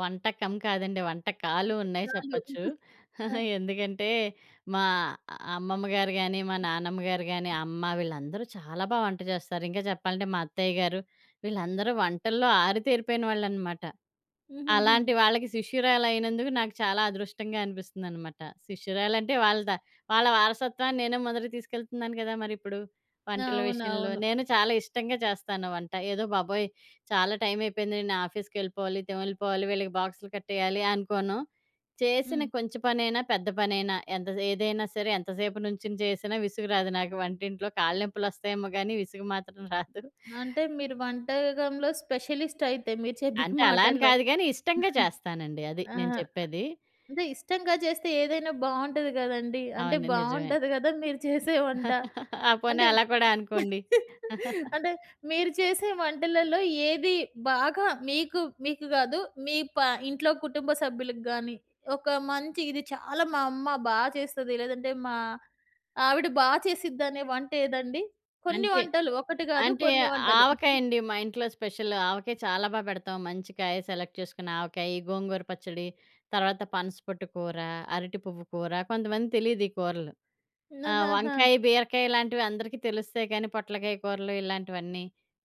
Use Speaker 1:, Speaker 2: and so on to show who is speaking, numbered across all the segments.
Speaker 1: వంటకం కాదండి, వంటకాలు
Speaker 2: ఇంక
Speaker 1: ఉన్నాయి
Speaker 2: చాలు.
Speaker 1: చెప్పచ్చు.
Speaker 2: ఆ!
Speaker 1: ఎందుకంటే, మా అమ్మమ్మ గారు గానీ, మా నానమ్మ గారు గానీ, అమ్మ వీళ్ళందరూ చాలా బా వంట జేస్తారు. ఇంగా చెప్పాలంటే, మా అత్తయ్య గారు, వీళ్ళందరూ వంటల్లో ఆరితేరిపోయిన వాళ్ళనమాట.
Speaker 2: హుహుహు.
Speaker 1: అలాంటి వాళ్ళకి శిష్యురాలయినందుకు నాకు చాలా అదృష్టంగా అనిపిస్తుందనమాట. శిష్యురాలంటే, వాళ్ళ త వాళ్ళ వారసత్వాన్ని నేనే మొదటికి తీసుకెళ్తున్నాను గదా మరిప్పుడు వంటల విషయంలో.
Speaker 2: అవునవును.
Speaker 1: నేను చాలా ఇష్టంగా చేస్తాను వంట. ఏదో బాబోయ్! చాలా టైమయిపోయింది, నేను ఆఫీస్‌కెళ్ళిపోవాలి, తెమిళిపోవాలి, వీళ్ళకి బాక్సులు కట్టేయాలి అనుకోను. చేసిన
Speaker 2: హ్మ్.
Speaker 1: కొంచెపనైనా, పెద్ద పనైనా ఎంత సే ఏదైనా సరే, ఎంతసేపు నుంచొని చేసినా విసుగు రాదు నాకు వంటింట్లో. కాళ్ళనొప్పులొస్తాయేమో గానీ, విసుగు మాత్రం రాదు.
Speaker 2: అంటే, మీరు వంటాగంలో స్పెషలిస్టయితే, మీరు చెప్పిన
Speaker 1: అంటే, అలా అని
Speaker 2: మాటల్లో.
Speaker 1: కాదు గానీ, ఇష్టంగా జేస్తానండి. అది నేను
Speaker 2: ఆహా!
Speaker 1: చెప్పేది.
Speaker 2: అదే ఇష్టంగా జేస్తే ఏదైనా బావుంటది గదండీ. అంటే,
Speaker 1: అవును. నిజమే.
Speaker 2: బాగుంటది గద మీరు చేసే వంట.
Speaker 1: ఆ! పోనీ
Speaker 2: అంటే,
Speaker 1: అలా కూడా అనుకోండి.
Speaker 2: అంటే, మీరు చేసే వంటలలో ఏది బాగా మీకు, మీకు‌ గాదు, మీ ప ఇంట్లో కుటుంబ సభ్యులకు గానీ, ఒక మంచి, ఇది చాలా మా అమ్మ బా చేస్తది, లేదంటే మా ఆవిడ బా చేసిద్దనే వంటేదండి? కొన్ని
Speaker 1: అంతే.
Speaker 2: వంటలు ఒకటి గాదు,
Speaker 1: అంటే,
Speaker 2: కొన్ని వంటలు.
Speaker 1: ఆవకాయండి మా ఇంట్లో స్పెషల్. ఆవకాయ చాలా బా పెడతాం. మంచి కాయ సెలెక్ట్ చేసుకొని ఆవకాయి, గోంగూర పచ్చడి, తర్వాత పనసపొట్టు కూర, అరటి పువ్వు కూర, కొంతమంది తెలీదీ కూరలు.
Speaker 2: న
Speaker 1: ఆ!
Speaker 2: ఆ! ఆ!
Speaker 1: వంకాయి, బీరకాయిలాంటివి అందరికీ తెలుస్తాయి, కానీ పొట్లకాయ కూరలు ఇలాంటివన్నీ,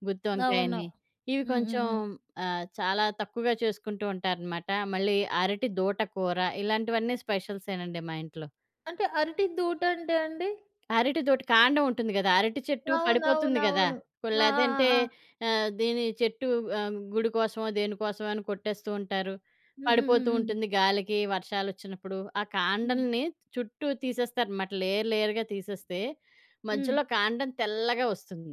Speaker 1: గుత్తి
Speaker 2: అవును.
Speaker 1: వంకాయని, ఇవి కొంచుం
Speaker 2: హుహు.
Speaker 1: ఆహ్, చాలా తక్కువగా చేసుకుంటూ ఉంటారనమాట. మళ్ళీ అరటిదూట కూర. ఇలాంటివన్నీ స్పెష‌ల్సేనండి మా ఇంట్లో.
Speaker 2: అంటే, అరటి దూటంటే అండి?
Speaker 1: అరటిదూట. కాండవుంటుంది గదా! అరటి చెట్టు పడిపోతుంది గదా!
Speaker 2: అవునవునవును. ఆ! ఆ!
Speaker 1: పొల్లేదంటే
Speaker 2: ఆ!
Speaker 1: ఆహ్, దీనీ చెట్టూ ఆహ్, గుడి కోసమో, దేని కోసమో అని కొట్టేస్తూ ఉంటారు.
Speaker 2: హ్మ్, హ్మ్,
Speaker 1: పడిపోతూ
Speaker 2: హ్మ్.
Speaker 1: ఉంటుంది గాలికీ వర్షాలొచ్చినప్పుడు. ఆ‌
Speaker 2: హ్మ్.
Speaker 1: కాండలని చుట్టూ తీసేస్తారనమాట. లేయర్ లేయర్‌గా తీసేస్తే,
Speaker 2: హ్మ్.
Speaker 1: మధ్యలో కాండం తెల్లగా ఒస్తుంది.